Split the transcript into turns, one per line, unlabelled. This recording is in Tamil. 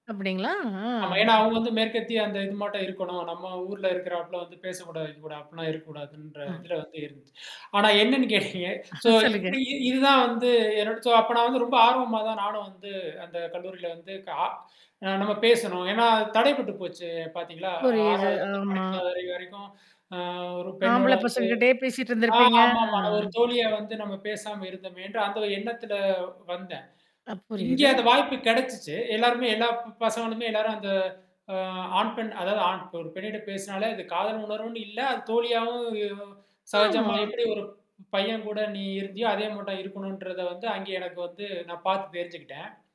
அப்பிடிங்களா? ஆ
ஆமா. ஏன்னா அவுங்க வந்து மேற்கத்திய அந்த இது மட்டும் இருக்கணும், நம்ம ஊர்ல இருக்கிறாப்ல வந்து பேசக்கூடாது, வைக்க கூடாது, அப்பிடில்லாம் இருக்க கூடாதுன்ற
ம்.
இதில வந்து இருந்ததுச்சு. ஆனா என்னன்னு கேட்டீங்க
ஆ,
சோ
சொல்லுங்க.
இப்பிடி இ இதுதான் வந்து என்னோட சோ அப்போ நான் வந்து ரொம்ப ஆர்வமா தான் நானும் வந்து அந்த கல்லூரியில வந்து கா அ நம்ம பேசணும். ஏன்னா, தடைப்பட்டு போச்சு, பார்த்தீர்களா?
புரியுது.
6 வதுல இருந்து
ஆமா.
12 வது வரை வரைக்கும் அ ஒரு பெண்ணோட
ஆம்பள
வந்து
பசங்ககிட்டயே பேசிட்டு
ஆ,
இருந்திருப்பீங்க. அ.
ஆமாமா. அது ஒரு தோழியால வந்து நம்ம பேசாம இருந்தோமேன்ற அந்த எண்ணத்தில வந்தேன்.
ஆ,
இங்கே
புரியுது.
அந்த வாய்ப்பு கிடைச்சுச்சு. எல்லாருமே எல்லா ப் பசங்களுமே எல்லாரும் அந்த அ ஆண், பெண் அதாவது ஆண் ஒரு பெண்ணிட்ட பேசினாலே அது காதல் உணர்வுன்னு இல்ல. அது தோழியாகவும் ம் சகஜமா
ஆமா.
எப்பிடி ஒரு பையன் கூட நீ இருந்தியோ! அதே மாட்டம் இருக்கணும்ன்றத வந்து அங்கே எனக்கு வந்து நான் பார்த்து தெரிஞ்சுக்கிட்டேன்.